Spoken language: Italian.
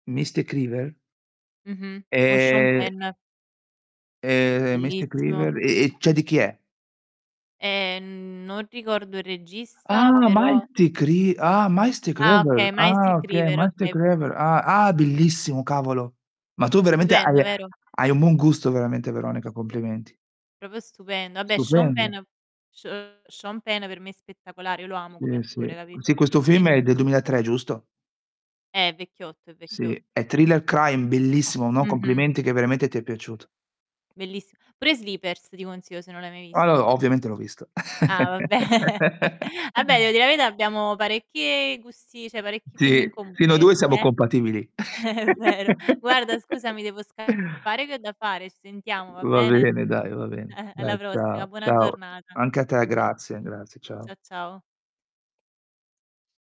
Mystic River? Mh-mh. Con Sean Ehm Penn. Ehm, Mystic Bellissimo. River, e e cioè di chi è? Ehm, non ricordo il regista, Ah! però Mystic Ri Ah, Mystic Ah, River! okay. Ah, Mystic oka River, Mystic oka River! Ah. Ah, è bellissimo, cavolo! Ma tu, veramente Stupendo, hai vero? hai un buon gusto veramente Veronica, complimenti. Proprio stupendo. Vabbè, Sean Stupendo. Penn Se Sean Penn per me è spettacolare, io lo amo come Sì, attore, sì. capito, Sì, questo film quindi è del 2003, giusto? Eh, è vecchiotto, è Sì, vecchiotto. è thriller crime, bellissimo, no, Mh-mh. complimenti che veramente ti è piaciuto. Bellissi pure Sleepers ti consiglio, se non l'hai mai Allo visto. ovviamente l'ho visto. Ah, vabbè! Vabbè, devo di la verità, abbiamo parecchie gusti cioè, parecchi film in Sì comune fino a io e 2 te, siamo eh. compatibili. È vero. Guarda, scusami, devo scappare che ho da fare. Ci sentiamo, va Va bene? bene, dai, va bene. Alla Dai, prossima, ciao, buona ciao. giornata. Anche a te Eh. grazie, Mh. grazie, ciao. Cia ciao.